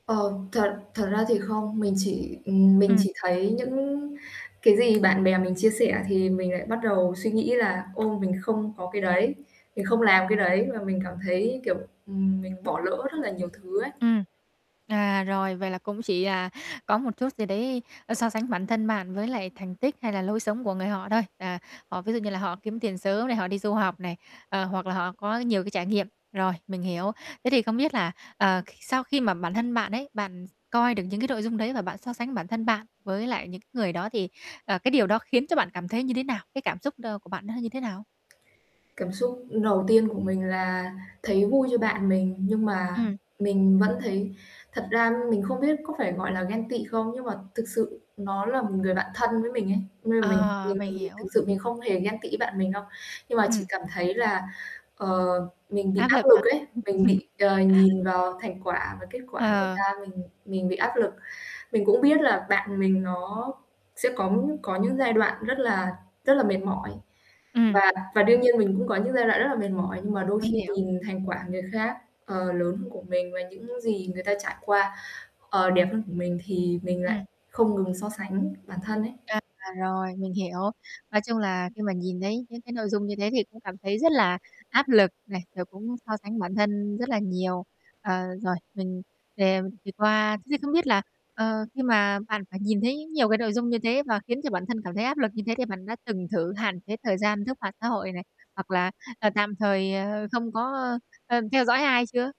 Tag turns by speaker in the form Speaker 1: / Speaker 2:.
Speaker 1: Ờ, thật thật ra thì không, mình chỉ ừm, mình
Speaker 2: Ừm.
Speaker 1: chỉ thấy những cái gì bạn bè mình chia sẻ thì mình lại bắt đầu suy nghĩ là ồ, mình không có cái đấy, mình không làm cái đấy và mình cảm thấy, kiểu, ừm, mình bỏ lỡ rất là nhiều thứ ấy.
Speaker 2: Ừm. À, rồi, vậy là cũng chỉ, à, có một chút gì đấy, ơ, so sánh bản thân bạn với lại thành tích hay là lối sống của người họ thôi. À, họ ví dụ như là họ kiếm tiền sớm này, họ đi du học này, ờ, hoặc là họ có nhiều cái trải nghiệm. Rồi, mình hiểu. Thế thì không biết là, ờ, khi sau khi mà bản thân bạn ấy, bạn coi được những cái nội dung đấy và bạn so sánh bản thân bạn với lại những cái người đó, thì, ờ, cái điều đó khiến cho bạn cảm thấy như thế nào? Cái cảm xúc đ của bạn nó như thế nào?
Speaker 1: Cảm xúc đầu tiên của mình là thấy vui cho bạn mình, nhưng mà
Speaker 2: Ừm.
Speaker 1: mình vẫn thấy thật ra mình không biết có phải gọi là ghen tị không? Nhưng mà thực sự nó là một người bạn thân với mình ấy, nên là mình
Speaker 2: À,
Speaker 1: mình mà
Speaker 2: mình
Speaker 1: mình thực
Speaker 2: hiểu.
Speaker 1: sự mình không hề ghen tị với bạn mình đâu. Nhưng mà mình
Speaker 2: Ừm.
Speaker 1: cảm thấy là, ờ, mình bị
Speaker 2: Áp
Speaker 1: áp
Speaker 2: lực hả?
Speaker 1: lực ấy, mình bị, ờ, nhìn vào thành quả và kết quả người
Speaker 2: Ờ.
Speaker 1: ta, mình mình bị áp lực. Mình cũng biết là bạn mình nó sẽ có có những giai đoạn rất là rất là mệt mỏi,
Speaker 2: Ừm.
Speaker 1: và và đương
Speaker 2: Ừm.
Speaker 1: nhiên mình cũng có những giai đoạn rất là mệt mỏi, nhưng mà đôi
Speaker 2: Mình
Speaker 1: khi
Speaker 2: hiểu.
Speaker 1: nhìn thành quả người khác, ờ, lớn hơn của mình và những gì người ta trải qua, ờ, đẹp hơn của mình, thì mình
Speaker 2: Ừm.
Speaker 1: lại không ngừng so sánh bản thân ấy.
Speaker 2: À, rồi, mình hiểu. Nói chung là khi mà nhìn thấy những cái nội dung như thế thì cũng cảm thấy rất là áp lực này, rồi cũng so sánh bản thân rất là nhiều. Ờ, rồi, mình [unintelligible] thì qua thế thì không biết là, ờ, khi mà bạn phải nhìn thấy nhiều cái nội dung như thế và khiến cho bản thân cảm thấy áp lực như thế, thì bạn đã từng thử hạn chế thời gian lướt mạng xã hội này, hoặc là, ờ, tạm thời, ờ, không có, ơ, ơ, theo dõi ai chưa?